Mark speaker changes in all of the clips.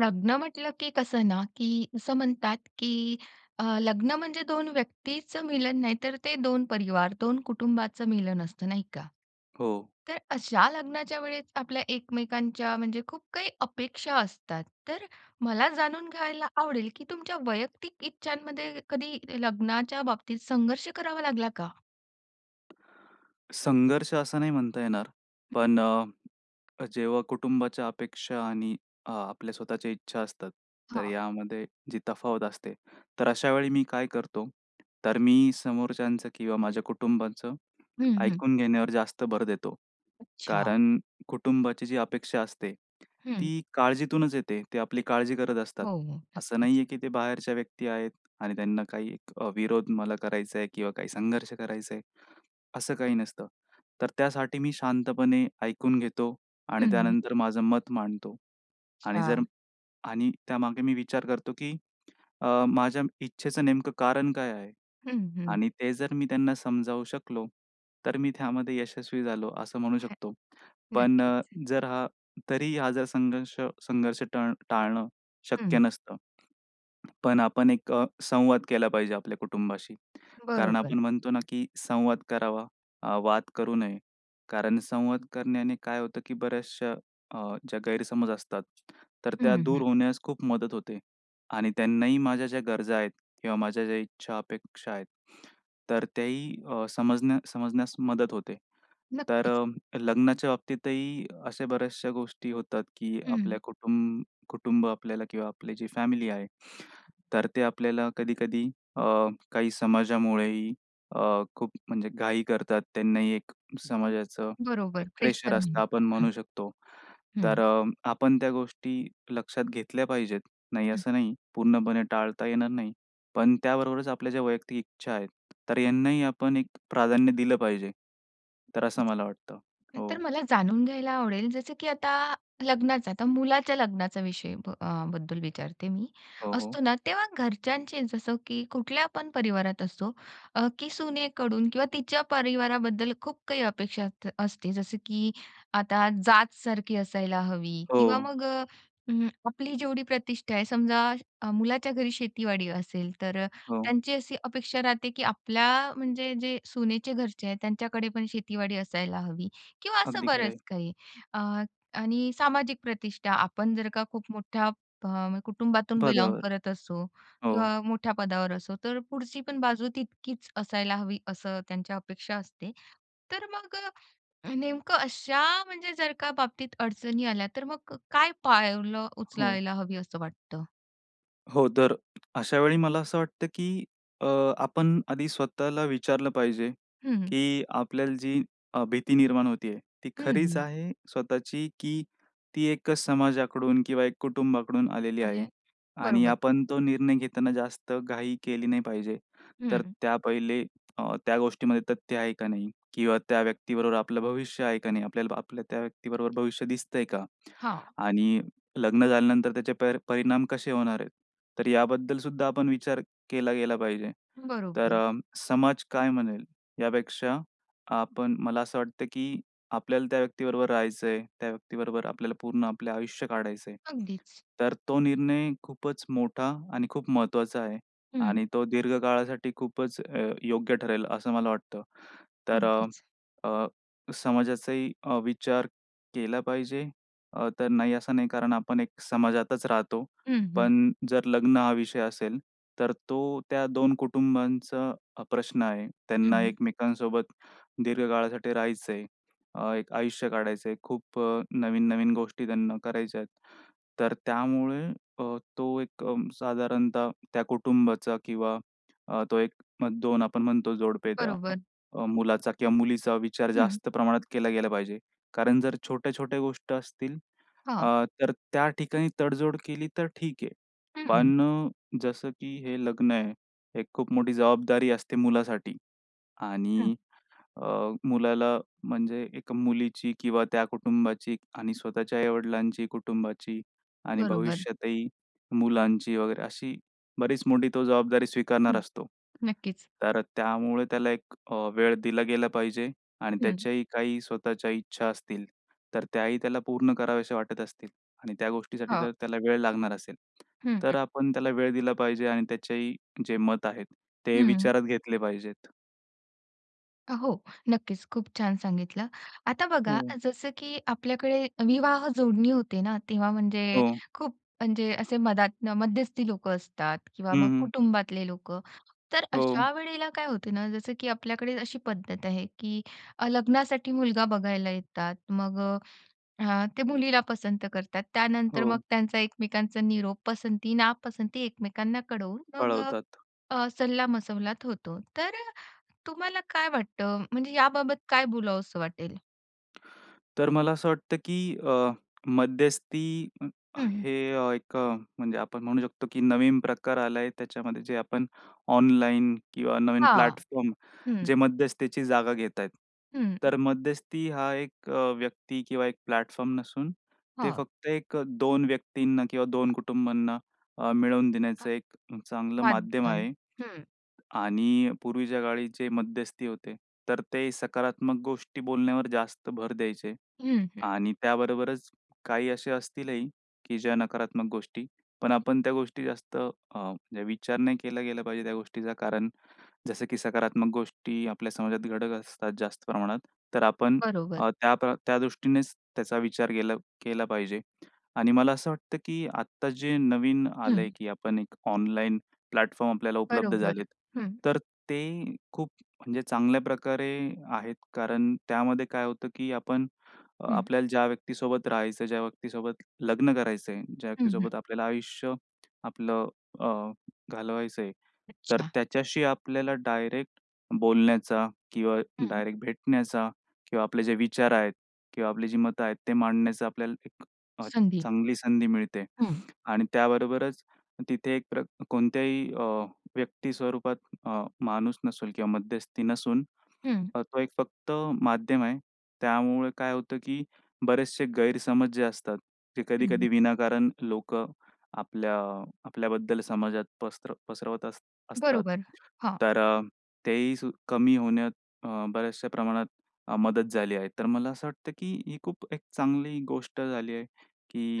Speaker 1: लग्न म्हटलं, की कसं ना, की असं म्हणतात की अ, लग्न म्हणजे 2 व्यक्तीचं मिलन नाही तर ते 2 परिवार, 2 कुटुंबाचं मिलन असतं. नाही का?
Speaker 2: हो.
Speaker 1: तर अशा लग्नाच्या वेळेस आपल्या एकमेकांच्या म्हणजे खूप काही अपेक्षा असतात. तर मला जाणून घ्यायला आवडेल की तुमच्या वैयक्तिक इच्छांमध्ये कधी लग्नाच्या बाबतीत संघर्ष करावा लागला का?
Speaker 2: संघर्ष असं नाही म्हणता येणार. पण अ, जेव्हा कुटुंबाच्या अपेक्षा आणि अ, आपल्या स्वतःच्या इच्छा असतात. तर
Speaker 1: हां.
Speaker 2: यामध्ये जी तफावत असते. तर अशा वेळी मी काय करतो तर मी समोरच्यांचं किंवा माझ्या कुटुंबाचं
Speaker 1: हं, हं.
Speaker 2: ऐकून घेण्यावर जास्त भर देतो.
Speaker 1: अच्छा.
Speaker 2: कारण कुटुंबाची जी अपेक्षा असते
Speaker 1: हं.
Speaker 2: ती काळजीतूनच येते. ते आपली काळजी करत असतात.
Speaker 1: हो, हो,
Speaker 2: असं
Speaker 1: नक्कीच.
Speaker 2: नाहीये की ते बाहेरच्या व्यक्ती आहेत आणि त्यांना काही अ, विरोध मला करायचा आहे किंवा काही संघर्ष करायचा आहे. असं काही नसतं तर त्यासाठी मी शांतपणे ऐकून घेतो आणि
Speaker 1: हं, हं.
Speaker 2: त्यानंतर माझं मत मांडतो आणि जर
Speaker 1: अच्छा.
Speaker 2: आणि त्यामागे मी विचार करतो की अ, माझ्या इच्छेचं नेमकं कारण काय आहे?
Speaker 1: हं, हं.
Speaker 2: आणि ते जर मी त्यांना समजावू शकलो तर मी त्यामध्ये यशस्वी झालो. असं म्हणू
Speaker 1: हं,
Speaker 2: शकतो. पण अ,
Speaker 1: नक्कीच.
Speaker 2: जर हा तरीही हा जर संघर्ष संघर्ष टळ टाळणं शक्य
Speaker 1: हं.
Speaker 2: नसतं. पण आपण एक अ, संवाद केला पाहिजे आपल्या कुटुंबाशी. कारण
Speaker 1: बरोबर.
Speaker 2: आपण म्हणतो ना की संवाद करावा अ, वाद करू नये. कारण संवाद करण्याने काय होतं की बऱ्याचशा अ, ज्या गैरसमज असतात तर त्या
Speaker 1: हं,
Speaker 2: दूर
Speaker 1: हं.
Speaker 2: होण्यास खूप मदत होते. आणि त्यांनाही माझ्या ज्या गरजा आहेत किंवा माझ्या ज्या इच्छा अपेक्षा आहेत तर त्याही अ, समजण्या समजण्यास मदत होते. तर
Speaker 1: नक्कीच.
Speaker 2: अ, लग्नाच्या बाबतीतही अशा बऱ्याचशा गोष्टी होतात की
Speaker 1: हम्म.
Speaker 2: आपल्या कुटुंब कुटुंब आपल्याला किंवा आपली जी फॅमिली आहे तर ते आपल्याला कधी-कधी अ, काही समाजामुळेही अ, खूप म्हणजे घाई करतात. त्यांनाही एक समाजाचं एक
Speaker 1: बरोबर
Speaker 2: प्रेशर
Speaker 1: प्रेशर म्हणून,
Speaker 2: असतं आपण
Speaker 1: हं.
Speaker 2: म्हणू शकतो. तर
Speaker 1: हं.
Speaker 2: अ, आपण त्या गोष्टी लक्षात घेतल्या पाहिजेत. नाही
Speaker 1: हं.
Speaker 2: असं नाही. पूर्णपणे टाळता येणार नाही. पण त्याबरोबरच आपल्या वैयक्तिक इच्छा आहे तर यांनाही आपण एक प्राधान्य दिलं पाहिजे. तर असं मला वाटतं, हो.
Speaker 1: तर मला जाणून घ्यायला आवडेल, जसं की आता लग्नाचं, आता मुलाच्या लग्नाचा विषय ब अ, बद्दल विचारते मी.
Speaker 2: हो, हो.
Speaker 1: असतो ना तेव्हा घरच्यांचे जसं की कुठल्या पण परिवारात असो अ, की सुनेकडून किंवा तिच्या परिवाराबद्दल खूप काही अपेक्षा अस असते. जसं की आता जातसारखी असायला हवी किंवा
Speaker 2: हो.
Speaker 1: मग अ, हं, आपली जेवढी प्रतिष्ठा आहे समजा, अ, मुलाच्या घरी शेतीवाडी असेल तर
Speaker 2: हो.
Speaker 1: त्यांची अशी अपेक्षा राहते की आपल्या म्हणजे जे सुनेचे घरचे आहेत त्यांच्याकडे पण शेतीवाडी असायला हवी. किंवा असं
Speaker 2: अगदी खरं आहे.
Speaker 1: बरंच काही अ, आणि सामाजिक प्रतिष्ठा आपण जर का खूप मोठ्या फ कुटुंबातून बिलोंग
Speaker 2: पदावर,
Speaker 1: करत असो
Speaker 2: हो.
Speaker 1: किंवा मोठ्या पदावर असो. तर पुढची पण बाजू तितकीच असायला हवी असं त्यांच्या अपेक्षा असते. तर मग अ, नेमकं अशा म्हणजे जर का बाबतीत अडचणी आल्या तर मग क काय पावलं
Speaker 2: हो.
Speaker 1: उचलायला हवी असं वाटतं?
Speaker 2: हो, तर अशावेळी मला असं वाटतं, की अ, आपण आधी स्वतःला विचारलं पाहिजे,
Speaker 1: हं. हं.
Speaker 2: की आपल्याला जी अ, भीती निर्माण होते आहे ती
Speaker 1: हं.
Speaker 2: खरीच
Speaker 1: हं.
Speaker 2: आहे स्वतःची? की ती एकच समाजाकडून किंवा एक कुटुंबाकडून आलेली
Speaker 1: आली
Speaker 2: आहे.
Speaker 1: आहे.
Speaker 2: आणि
Speaker 1: बरोबर.
Speaker 2: आपण तो निर्णय घेताना जास्त घाई केली नाही पाहिजे. तर
Speaker 1: हं.
Speaker 2: त्या पहिले अ, त्या गोष्टीमध्ये तथ्य आहे का नाही? किंवा
Speaker 1: हं.
Speaker 2: त्या व्यक्तीबरोबर आपलं भविष्य आहे का नाही? आपल्याला आपल्या त्या व्यक्तीबरोबर भविष्य दिसतंय का?
Speaker 1: हां.
Speaker 2: आणि लग्न झाल्यानंतर त्याचे पर परिणाम कसे होणार आहेत, तर याबद्दलसुद्धा आपण विचार केला गेला पाहिजे. तर
Speaker 1: बरोबर.
Speaker 2: अ, समाज काय म्हणेल? यापेक्षा आपण मला असं वाटतं, की आपल्याला त्या व्यक्तीबरोबर राहायचं आहे. त्या व्यक्तीबरोबर आपल्याला पूर्ण आपलं आयुष्य काढायचं आहे.
Speaker 1: अगदीच.
Speaker 2: तर तो निर्णय खूपच मोठा आणि खूप महत्त्वाचा आहे
Speaker 1: हं.
Speaker 2: आणि तो दीर्घ काळासाठी खूपच अ, योग्य ठरेल असं मला वाटतं. तर
Speaker 1: अगदीच.
Speaker 2: अ, समाजाचाही अ, विचार केला पाहिजे अ, तर नाही असं नाही, कारण आपण एक समाजातच राहतो.
Speaker 1: हं, हं.
Speaker 2: पण जर लग्न हा विषय असेल, तर तो त्या दोन कुटुंबांचा प्रश्न आहे.
Speaker 1: हं,
Speaker 2: त्यांना
Speaker 1: हं.
Speaker 2: एकमेकांसोबत दीर्घकाळासाठी राहायचं आहे. अ, एक आयुष्य काढायचं आहे. खूप अ, नवीन-नवीन गोष्टी त्यांना करायच्या आहेत. तर त्यामुळे अ, तो एक अ, साधारणतः त्या कुटुंबाचा किंवा अ, तो 1-2 आपण म्हणतो जोडपे, त्या
Speaker 1: बरोबर.
Speaker 2: मुलाचा किंवा मुलीचा विचार
Speaker 1: हं.
Speaker 2: जास्त प्रमाणात केला गेला पाहिजे. कारण जर छोट्या-छोट्या गोष्टी असतील
Speaker 1: हां.
Speaker 2: अ, तर त्या ठिकाणी तडजोड केली तर ठीक आहे.
Speaker 1: हं.
Speaker 2: पण जसं की हे लग्न आहे, एक खूप मोठी जबाबदारी असते मुलासाठी.
Speaker 1: हं.
Speaker 2: आणि अ, मुलाला म्हणजे एक मुलीची किंवा त्या कुटुंबाची आणि स्वतःच्या आई-वडिलांची, कुटुंबाची आणि
Speaker 1: बरोबर.
Speaker 2: भविष्यातही मुलांची वगैरे, अशी बरीच मोठी तो जबाबदारी
Speaker 1: हं,
Speaker 2: स्वीकारणार असतो.
Speaker 1: नक्कीच.
Speaker 2: तर त्यामुळे त्याला एक वेळ दिला गेला पाहिजे. आणि
Speaker 1: हं.
Speaker 2: त्याच्याही काही स्वतःच्या इच्छा असतील, तर त्याही त्याला पूर्ण कराव्याशा वाटत असतील. आणि त्या गोष्टीसाठी
Speaker 1: हो.
Speaker 2: जर त्याला वेळ लागणार असेल,
Speaker 1: हं, हं.
Speaker 2: तर आपण त्याला वेळ दिला पाहिजे आणि त्याचेही जे मत आहेत ते
Speaker 1: हं.
Speaker 2: विचारात घेतले पाहिजेत.
Speaker 1: अ, हो नक्कीच. खूप छान सांगितलं. आता बघा
Speaker 2: हं.
Speaker 1: जसं, की आपल्याकडे विवाह जोडणी होते ना, तेव्हा म्हणजे
Speaker 2: हो.
Speaker 1: खूप म्हणजे असे मधातन मध्यस्थी लोकं असतात किंवा
Speaker 2: हं,
Speaker 1: मग
Speaker 2: हं.
Speaker 1: कुटुंबातले लोकं, तर
Speaker 2: हो.
Speaker 1: अशा वेळेला काय होत ना, जसं की आपल्याकडे अशी पद्धत आहे, की अ, लग्नासाठी मुलगा बघायला येतात मग अ, अ, ते मुलीला पसंत करतात. त्यानंतर मग
Speaker 2: हो.
Speaker 1: त्यांचा एकमेकांचा निरोप पसंती, नापसंती एकमेकांना कळवून मग अ,
Speaker 2: कळवतात.
Speaker 1: अ, सल्लामसलत होतो. तर तुम्हाला काय वाटतं? म्हणजे याबाबत काय बोलावंसं वाटेल?
Speaker 2: तर मला असं वाटतं, की अ, मध्यस्थी
Speaker 1: हं, हं.
Speaker 2: हे एक म्हणजे आपण म्हणू शकतो, की नवीन प्रकार आला आहे, त्याच्यामध्ये जे आपण ऑनलाईन किंवा नवीन
Speaker 1: हां.
Speaker 2: प्लॅटफॉर्म
Speaker 1: हं.
Speaker 2: जे मध्यस्थीची जागा घेत आहेत.
Speaker 1: हं.
Speaker 2: तर मध्यस्थी हा एक व्यक्ती किंवा एक प्लॅटफॉर्म नसून ते
Speaker 1: हां.
Speaker 2: फक्त एक 2 व्यक्तींना किंवा 2 कुटुंबांना अ, मिळवून देण्याचं
Speaker 1: [unintelligible]
Speaker 2: एक चांगलं माध्यम
Speaker 1: माध्यम.
Speaker 2: आहे.
Speaker 1: हं.
Speaker 2: आणि पूर्वीच्या काळी जे मध्यस्थी होते, तर ते सकारात्मक गोष्टी बोलण्यावर जास्त भर द्यायचे
Speaker 1: हं, हं.
Speaker 2: आणि त्याबरोबरच काही असे असतीलही, की ज्या नकारात्मक गोष्टी, पण आपण त्या गोष्टी जास्त अ, जे विचार नाही केला गेला पाहिजे त्या गोष्टीचा. कारण जसं, की सकारात्मक गोष्टी आपल्या समाजात घडत असतात जास्त प्रमाणात. तर आपण
Speaker 1: बरोबर.
Speaker 2: अ, त्यात त्या दृष्टीनेच त्याचा विचार केला, केला पाहिजे. आणि मला असं वाटतं, की आता जे नवीन आलंय,
Speaker 1: हं.
Speaker 2: की आपण एक ऑनलाईन प्लॅटफॉर्म आपल्याला उपलब्ध
Speaker 1: बरोबर.
Speaker 2: झालेत.
Speaker 1: हं.
Speaker 2: तर ते खूप म्हणजे चांगल्या प्रकारे आहेत, कारण त्यामध्ये काय होतं, की आपण
Speaker 1: हं.
Speaker 2: आपल्याला ज्या व्यक्तीसोबत राहायचं ज्या व्यक्तीसोबत लग्न करायचं आहे ज्या
Speaker 1: हं, हं.
Speaker 2: व्यक्तीसोबत आपल्याला आयुष्य आपलं अ, घालवायचं आहे. तर
Speaker 1: अच्छा.
Speaker 2: त्याच्याशी आपल्याला डायरेक्ट बोलण्याचा किंवा
Speaker 1: हं.
Speaker 2: डायरेक्ट भेटण्याचा किंवा आपले जे विचार आहेत किंवा आपली जी मतं आहेत ते मांडण्याचा आपल्याला एक अ,
Speaker 1: संधी.
Speaker 2: चांगली संधी मिळते.
Speaker 1: हं.
Speaker 2: आणि त्याबरोबरच तिथे एक प्र कोणत्याही अ, व्यक्ती स्वरूपात अ, माणूस नसेल किंवा मध्यस्थी नसून
Speaker 1: हं.
Speaker 2: तो एक फक्त माध्यम आहे. त्यामुळे काय होतं, की बरेचसे गैरसमज जे असतात ते
Speaker 1: हं, हं.
Speaker 2: कधी-कधी विनाकारण लोकं आपल्या आपल्याबद्दल समाजात पसर पसरवत अस असतात.
Speaker 1: बरोबर. हां.
Speaker 2: तर अ, तेही कमी होण्यात अ, बऱ्याचशा प्रमाणात अ, मदत झाली आहे. तर मला असं वाटतं, की ही खूप एक चांगली गोष्ट झाली आहे,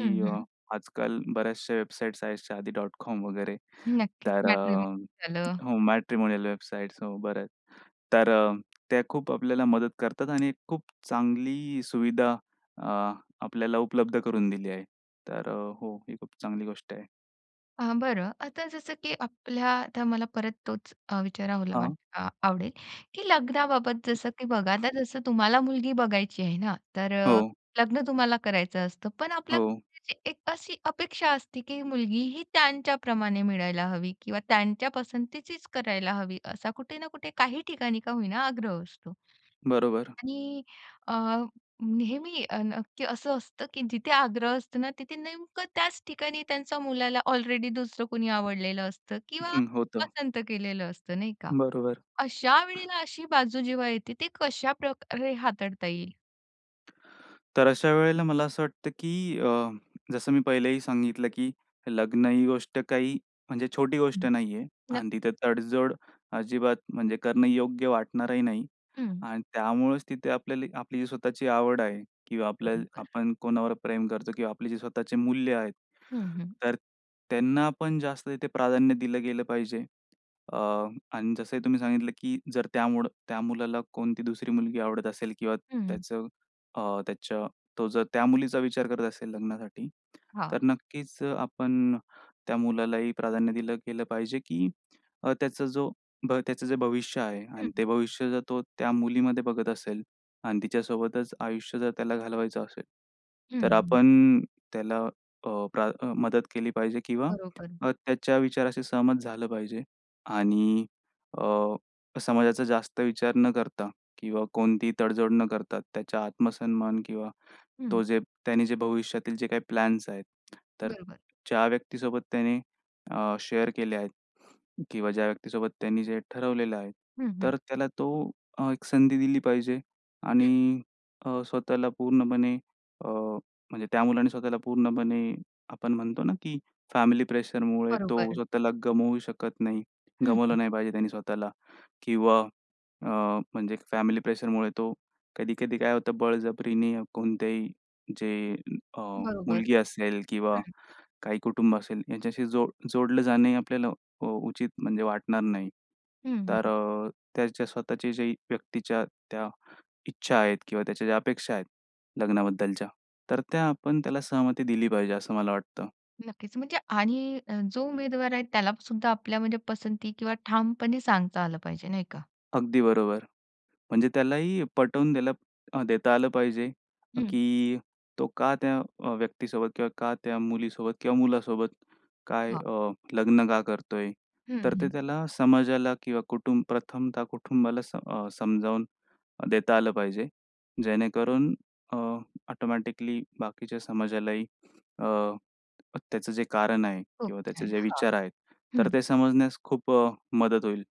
Speaker 1: हं,
Speaker 2: अ,
Speaker 1: हं.
Speaker 2: आजकाल बऱ्याचशा वेबसाईट्स आहेत shadi.com वगैरे.
Speaker 1: नक्कीच.
Speaker 2: तर अ,
Speaker 1: मॅट्रिमोनि झालं.
Speaker 2: हो. मॅट्रिमोनियल वेबसाइट हो, बऱ्याच. तर अ, त्या खूप आपल्याला मदत करतात आणि खूप चांगली सुविधा अ, आपल्याला उपलब्ध करून दिली आहे. तर हो ही खूप चांगली गोष्ट आहे.
Speaker 1: अ, बरं. आता जसं, की आपल्या तर मला परत तोच अ, विचारावा ला वा
Speaker 2: हां.
Speaker 1: अ, आवडेल की लग्नाबाबत जसं की बघा आता जसं तुम्हाला मुलगी बघायची आहे ना, तर अ,
Speaker 2: हो.
Speaker 1: लग्न तुम्हाला करायचं असतं पण आपल्या
Speaker 2: हो.
Speaker 1: घरच्यांची एक अशी अपेक्षा असते, की मुलगी ही त्यांच्याप्रमाणे मिळायला हवी किंवा त्यांच्या पसंतीचीच करायला हवी, असा कुठे ना कुठे काही ठिकाणी का होईना आग्रह असतो.
Speaker 2: बरोबर.
Speaker 1: आणि अ, नेहमी अ, ना, की असं असतं की जिथे आग्रह असतो ना, तिथे नेमकं त्याच ठिकाणी त्यांचा मुलाला ऑलरेडी दुसरं कुणी आवडलेलं असतं किंवा
Speaker 2: हं. होतं.
Speaker 1: पसंत केलेलं असतं नाही का.
Speaker 2: बरोबर.
Speaker 1: अशा वेळेला अशी बाजू जेव्हा येते, ती कशा प्रकारे हाताळता येईल?
Speaker 2: तर अशा वेळेला मला असं वाटतं, की अ, जसं मी पहिलेही सांगितलं की लग्न ही गोष्ट काही म्हणजे छोटी गोष्ट
Speaker 1: हं.
Speaker 2: नाहीये
Speaker 1: नक्की.
Speaker 2: अन तिथं तडजोड अजिबात म्हणजे करणं योग्य वाटणारही नाही.
Speaker 1: हं.
Speaker 2: अन त्यामुळेच तिथे आपल्याला आपली जी स्वतःची आवड आहे किंवा आपल्याल
Speaker 1: बरोबर.
Speaker 2: आपण कोणावर प्रेम करतो किंवा आपले जे स्वतःचे मूल्य आहेत,
Speaker 1: हं, हं.
Speaker 2: तर त्यांना पण जास्त तिथे प्राधान्य दिलं गेलं पाहिजे. अ, अन जसं ही तुम्ही सांगितलं की जर त्यामुडं त्या मुलाला कोणती दुसरी मुलगी आवडत असेल किंवा
Speaker 1: हं, हं.
Speaker 2: त्याचं अ, त्याच्या तो जर त्या मुलीचा विचार करत असेल लग्नासाठी,
Speaker 1: हां.
Speaker 2: तर नक्कीच अ, आपण त्या मुलालाही प्राधान्य दिलं गेलं पाहिजे की अ, त्याचा जो भ त्याचं जे भविष्य आहे
Speaker 1: हं,
Speaker 2: आणि
Speaker 1: हं.
Speaker 2: ते भविष्य जर तो त्या मुलीमध्ये बघत असेल अन तिच्यासोबतच आयुष्य जर त्याला घालवायचं असेल
Speaker 1: हं,
Speaker 2: तर
Speaker 1: हं.
Speaker 2: आपण त्याला अ, प्रा अ, मदत केली पाहिजे किंवा
Speaker 1: बरोबर.
Speaker 2: अ, त्याच्या विचाराशी सहमत झालं पाहिजे. आणि अ, समाजाचा जास्त विचार न करता किंवा कोणतीही तडजोड न करता त्याच्या आत्मसन्मान किंवा तो
Speaker 1: हं.
Speaker 2: जे त्यांनी जे भविष्यातील जे काही प्लॅन्स आहेत, तर
Speaker 1: बरोबर.
Speaker 2: ज्या व्यक्तीसोबत त्याने अ, शेअर केले आहेत किंवा ज्या व्यक्तीसोबत त्यांनी जे ठरवलेलं आहे.
Speaker 1: हं, हं.
Speaker 2: तर त्याला तो अ, एक संधी दिली पाहिजे
Speaker 1: हं.
Speaker 2: आणि अ, स्वतःला पूर्णपणे अ, म्हणजे त्या मुलाने स्वतःला पूर्णपणे आपण म्हणतो ना, की फॅमिली प्रेशरमुळे तो
Speaker 1: बरोबर.
Speaker 2: स्वतःला गमवू शकत नाही,
Speaker 1: हं, हं.
Speaker 2: गमावलं नाही पाहिजे त्याने स्वतःला किंवा अ, म्हणजे फॅमिली प्रेशरमुळे तो कधी-कधी काय होतं बळजबरीने कोणत्याही जे अ,
Speaker 1: बरोबर.
Speaker 2: मुलगी असेल
Speaker 1: हं,
Speaker 2: किंवा
Speaker 1: हं.
Speaker 2: काही कुटुंब असेल याच्याशी जो जोडलं जाणंही आपल्याला अ, उचित म्हणजे वाटणार नाही.
Speaker 1: हं,
Speaker 2: तर
Speaker 1: हं.
Speaker 2: अ, त्याच्या स्वतःच्या ज्या व्यक्तीच्या त्या इच्छा आहेत किंवा त्याच्या ज्या अपेक्षा आहेत लग्नाबद्दलच्या, तर त्या आपण त्याला सहमती दिली पाहिजे असं मला वाटतं.
Speaker 1: नक्कीच, म्हणजे आणि अ, जो उमेदवार आहे त्याला सुद्धा आपल्या म्हणजे पसंती किंवा ठामपणे सांगता आलं पाहिजे नाही का?
Speaker 2: अगदी बरोबर. म्हणजे त्यालाही पटवून देल देता आलं पाहिजे
Speaker 1: हं.
Speaker 2: की तो का त्या अ, व्यक्तीसोबत किंवा का त्या मुलीसोबत किंवा मुलासोबत काय
Speaker 1: हां.
Speaker 2: अ, लग्न का करतोय?
Speaker 1: हं,
Speaker 2: तर ते
Speaker 1: हं.
Speaker 2: त्याना समाजाला किंवा कुटुंब प्रथमता कुटुंबाला स अ, समजावून देता आलं पाहिजे, जेणेकरून अ, ऑटोमॅटिकली बाकीच्या समाजालाही अ, त्याचं जे कारण आहे
Speaker 1: खूप
Speaker 2: किंवा त्याचे
Speaker 1: छान
Speaker 2: जे
Speaker 1: हां,
Speaker 2: विचार आहेत, तर
Speaker 1: हं.
Speaker 2: ते समजण्यास खूप अ, मदत होईल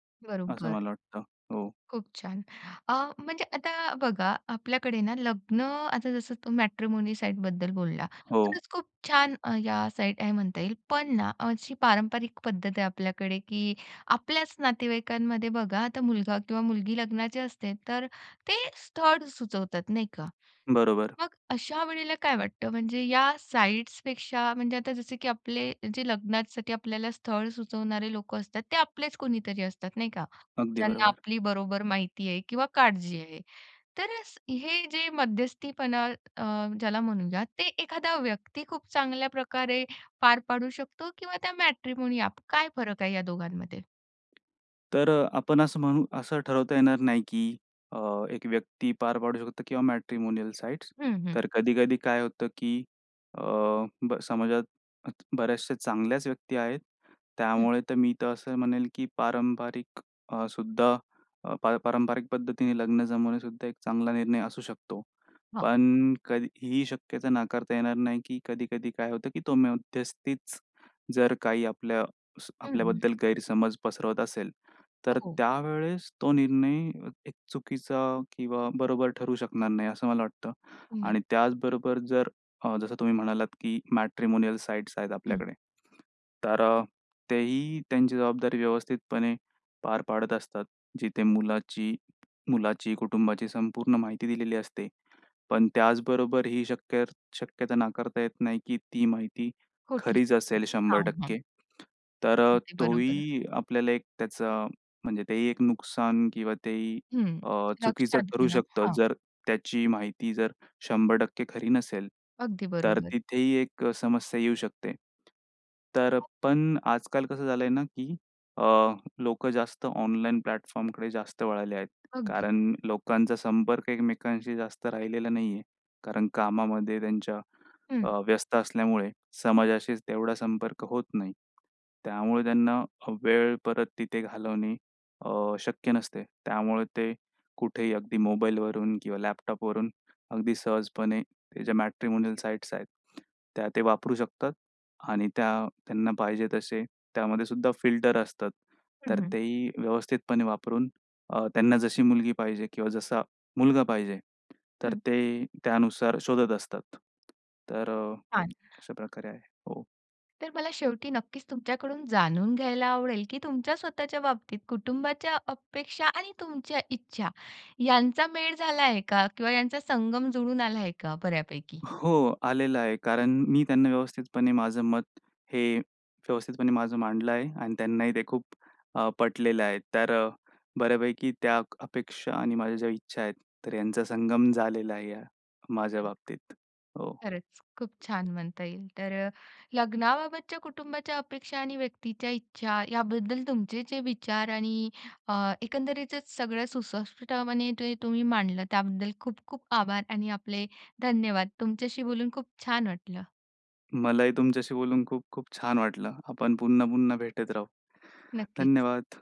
Speaker 2: असं
Speaker 1: बरोबर,
Speaker 2: मला वाटतं, हो.
Speaker 1: खूप छान! अ, म्हणजे आता बघा, आपल्याकडे ना लग्न, आता जसं तो मॅट्रिमोनी साइटबद्दल बोलला,
Speaker 2: हो.
Speaker 1: तरच खूप छान या साइट आहेत म्हणता येईल. पण ना अशी पारंपरिक पद्धत आहे आपल्याकडे की आपल्याच नातेवाईकांमध्ये बघा आता मुलगा किंवा मुलगी लग्नाची असते तर ते स्थळ सुचवतात, नाही का?
Speaker 2: बरोबर.
Speaker 1: मग अशा वेळेला काय वाटतं, म्हणजे या साइट्सपेक्षा, म्हणजे आता जसं की आपले जे लग्नासाठी आपल्याला स्थळ सुचवणारे लोकं असतात, ते आपलेच कुणीतरी असतात, नाही का?
Speaker 2: अगदी
Speaker 1: ज्यांना
Speaker 2: बरोबर.
Speaker 1: आपली बरोबर माहिती आहे किंवा काळजी आहे. तर अ, हे जे मध्यस्थीपणा अ, ज्याला म्हणूया, ते एखादा व्यक्ती खूप चांगल्या प्रकारे पार पाडू शकतो किंवा त्या मॅट्रिमोनी ॲप काय फरक आहे या दोघांमध्ये?
Speaker 2: तर आपण असं म्हणू, असं ठरवता येणार नाही, की अ, एक व्यक्ती पार पाडू शकते किंवा मॅट्रिमोनियल साइट्स.
Speaker 1: हं, हं.
Speaker 2: तर कधी-कधी काय होतं, की अ, ब समाजात बऱ्याचशा चांगल्याच व्यक्ती आहेत.
Speaker 1: हं.
Speaker 2: त्यामुळे तर मी तर असं म्हणेल, की पारंपरिक अ, सुद्धा अपारंपरिक पद्धतीने लग्न जमवणेसुद्धा एक चांगला निर्णय असू शकतो.
Speaker 1: हा.
Speaker 2: पण कधी ही शक्यता नाकारता येणार नाही, की कधी-कधी काय होतं, की तो मध्यस्थीच जर काही आपल्या स
Speaker 1: हं. हं.
Speaker 2: आपल्याबद्दल गैरसमज पसरवत असेल, तर
Speaker 1: हो.
Speaker 2: त्यावेळेस तो निर्णय एक चुकीचा किंवा बरोबर ठरू शकणार नाही. असं मला वाटतं
Speaker 1: नक्की.
Speaker 2: आणि त्याचबरोबर जर, जसं तुम्ही म्हणालात, की मॅट्रिमोनियल साइट्स. आहेत
Speaker 1: हं.
Speaker 2: आपल्याकडे तर तेही त्यांची जबाबदारी व्यवस्थितपणे पार पाडत असतात, जिथे मुलाची मुलाची कुटुंबाची संपूर्ण माहिती दिलेली असते. पण त्याचबरोबर ही शक्य शक्यता नाकारता येत नाही, की ती माहिती
Speaker 1: खोटी
Speaker 2: खरीच
Speaker 1: [unintelligible]
Speaker 2: असेल शंभर
Speaker 1: हां. हां.
Speaker 2: टक्के तर अ,
Speaker 1: अगदी
Speaker 2: तो
Speaker 1: बरोबर आहे.
Speaker 2: ही आपल्याला एक त्याचं म्हणजे तेही एक नुकसान किंवा तेही
Speaker 1: हं.
Speaker 2: अ, चुकीचं
Speaker 1: लक्षात
Speaker 2: ठरू
Speaker 1: घेणं,
Speaker 2: शकतं,
Speaker 1: हा.
Speaker 2: जर त्याची माहिती जर 100% खरी नसेल,
Speaker 1: अगदी
Speaker 2: तर
Speaker 1: बरोबर.
Speaker 2: तिथेही एक समस्या येऊ शकते. तर पण आजकाल कसं झालं आहे ना, की अ, लोकं जास्त ऑनलाईन प्लॅटफॉर्मकडे जास्त वळाले आहेत.
Speaker 1: अगदी.
Speaker 2: कारण लोकांचा संपर्क एकमेकांशी जास्त राहिलेला नाही आहे, कारण कामामध्ये त्यांच्या
Speaker 1: हं.
Speaker 2: अ, व्यस्त असल्यामुळे समाजाशी तेवढा संपर्क होत नाही. त्यामुळे त्यांना वेळ परत तिथे घालवणे अ, शक्य नसते. त्यामुळे ते कुठेही अगदी मोबाईलवरून किंवा लॅपटॉपवरून अगदी सहजपणे ह्या ज्या मॅट्रिमोनियल साइट्स आहेत, त्या ते वापरू शकतात. आणि त्या त्यांना पाहिजे तसे त्यामध्ये सुद्धा फिल्टर असतात,
Speaker 1: हं.
Speaker 2: तर
Speaker 1: हं.
Speaker 2: तेही व्यवस्थितपणे वापरून अ, त्यांना जशी मुलगी पाहिजे किंवा जसा मुलगा पाहिजे, तर
Speaker 1: हं.
Speaker 2: ते त्यानुसार शोधत असतात. तर अ,
Speaker 1: छान.
Speaker 2: अशाप्रकारे आहे. हो.
Speaker 1: तर मला शेवटी नक्कीच तुमच्याकडून जाणून घ्यायला आवडेल, की तुमच्या स्वतःच्या बाबतीत कुटुंबाच्या अपेक्षा आणि तुमच्या इच्छा यांचा मेळ झाला आहे का? किंवा यांचा संगम जुळून आला आहे का बऱ्यापैकी?
Speaker 2: हो. आलेलं आहे. कारण मी त्यांना व्यवस्थितपणे माझं मत, हे व्यवस्थितपणे माझं मांडलं आहे. आणि त्यांनाही ते खूप अ, पटलेलं आहे. तर बऱ्यापैकी त्या अपेक्षा आणि माझ्या ज्या इच्छा आहेत, तर यांचा संगम झालेला आहे या. माझ्या
Speaker 1: तर,
Speaker 2: बाबतीत. हो.
Speaker 1: खरंच खूप छान म्हणता येईल. तर लग्नाबाबतच्या कुटुंबाच्या अपेक्षा आणि व्यक्तीच्या इच्छा याबद्दल तुमचे जे विचार आणि अ, एकंदरीतचच सगळं सुस्पष्टपणे जे तुम्ही मांडलं, त्याबद्दल खूप-खूप आभार आणि आपले धन्यवाद. तुमच्याशी बोलून खूप छान वाटलं.
Speaker 2: मलाही तुमच्याशी बोलून खूप-खूप छान वाटलं. आपण पुन्हा-पुन्हा भेटत राहू.
Speaker 1: नक्कीच.
Speaker 2: धन्यवाद.